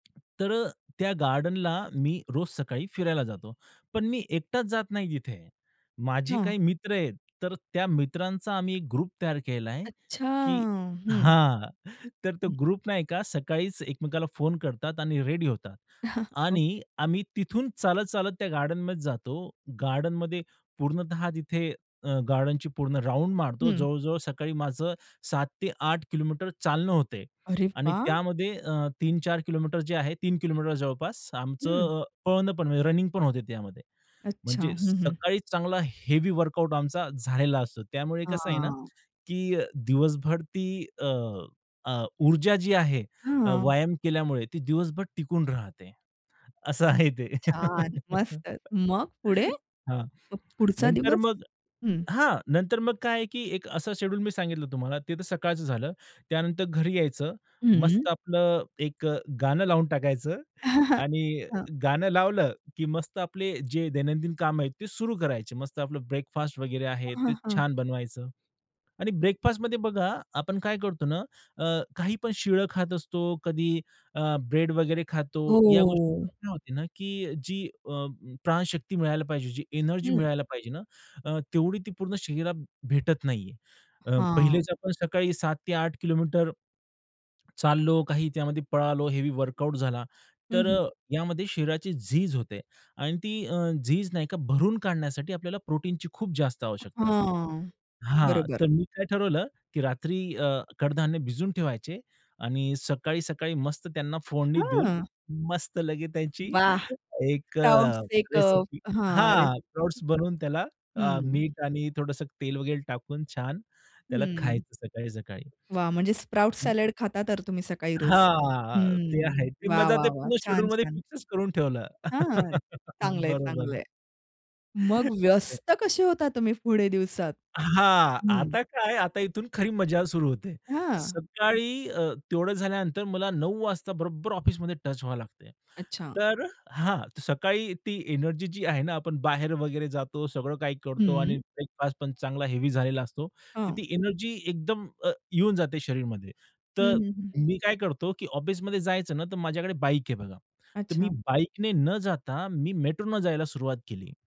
तर अ, त्या गार्डनला मी रोज सकाळी फिरायला जातो. पण मी एकटाच जात नाही तिथे. माझे हां. काही मित्र आहेत, तर त्या मित्रांचा आम्ही ग्रुप तयार केलाय, अच्छा. की हं. हां, तर तो हं. ग्रुप नाही का सकाळीच एकमेकाला फोन करतात आणि रेडी होतात. ओके. आणि आम्ही तिथून चालत, चालत त्या गार्डनमध्ये जातो. गार्डनमध्ये पूर्णतः तिथे अ, गार्डनची पूर्ण राउंड मारतो. हं. जवळ-जवळ सकाळी माझं 7 ते 8 किलोमीटर चालणं होते अरे आणि वा! त्यामध्ये अ, 3-4 किलोमीटर जे आहे, 3 किलोमीटर जवळपास हं. आमचं पळणं पण म्हणजे रनिंग पण होते. त्यामध्ये अच्छा. म्हणजे हं, हं. सकाळी चांगला हेवी वर्कआउट आमचा झालेला असतो. त्यामुळे कसं आहे ना, हां. की अ, दिवसभर ती अ, अ, ऊर्जा जी आहे अ, हां. व्यायाम केल्यामुळे ती दिवसभर टिकून राहते. असं आहे ते. छान. मस्त. मग पुढे? हां. मग पुढचा नंतर दिवस? मग हं. हां नंतर मग काय आहे की एक अस शेड्यूल मी सांगितलं तुम्हाला ते तर सकाळचं झालं. त्यानंतर घरी यायचं. हं. मस्त आपलं एक अ, गाणं लावून टाकायचं आणि हां. गाणं लावलं की मस्त आपले जे दैनंदिन कामं आहे, ते सुरू करायचे. मस्त आपलं ब्रेकफास्ट वगैरे आहे हां, हां, ते हां. छान बनवायचं आणि ब्रेकफास्टमध्ये बघा आपण काय करतो ना, अ, काहीपण शीळं खात असतो, कधी अ, ब्रेड वगैरे खातो. या गोष्टी हो. होते ना, की जी अ, प्राणशक्ती मिळायला पाहिजे जी एनर्जी हं. मिळायला पाहिजे ना, अ, तेवढी ती पूर्ण शरीरात भेटत नाहीये. अ, हां. पहिलेच आपण सकाळी 7 ते 8 किलोमीटर चाललो काही त्यामध्ये पळालो, हेवी वर्कआउट झाला, हं, तर हं. अ, यामध्ये शरीराची झीज होते आणि ती अ, झीज नाही का, भरून काढण्यासाठी आपल्याला प्रोटीनची खूप जास्त आवश्यकता असते. हां. हां. बरोबर. तर मी काय ठरवलं की रात्री अ, कडधान्य भिजून ठेवायचे आणि सकाळी, सकाळी मस्त त्यांना फोडणी देऊन, हां. मस्त लगेच त्याची वाह! एक स्प्राउट अ, एक रेसिपी अ, हां, हां, स्प्राउट रेसिपी. बनवून त्याला अ, हं. मीठ आणि थोडंसं तेल वगैरे टाकून छान त्याला हं. खायचं सकाळी, सकाळी. वा! म्हणजे स्प्राउट सॅलड खाता तर तुम्ही सकाळी रोज. हां. ते हं. आहे की. वाह, माझ्या वाह, ते वाह! पूर्ण छान, शेड्यूलमध्ये छान. फिक्सचं करून ठेवलं. हां, हां. चांगलंय, बरोबर. चांगलंय. मग [unintelligible] व्यस्त कसे होता तुम्ही पुढे दिवसात? हां. हं. आता काय आता इथून खरी मजा सुरू होते. हां. सकाळी अ, तेवढं झाल्यानंतर मला 9:00 वाजता बरोबर ऑफिसमध्ये टच व्हायला लागते. अच्छा. तर हां, सकाळी ती एनर्जी जी आहे ना, आपण बाहेर वगैरे जातो सगळं काही करतो आणि हं. ब्रेकफास्ट पण चांगला हेवी झालेला असतो. तर हां. ती एनर्जी एकदम अ, येऊन जाते शरीरमध्ये, हं, तर हं, हं. मी काय करतो की ऑफिसमध्ये जायचं ना, तर माझ्याकडे बाईक आहे बघा. तर मी अच्छा. बाईकने न जाता मी मेट्रोने जायला सुरुवात केली.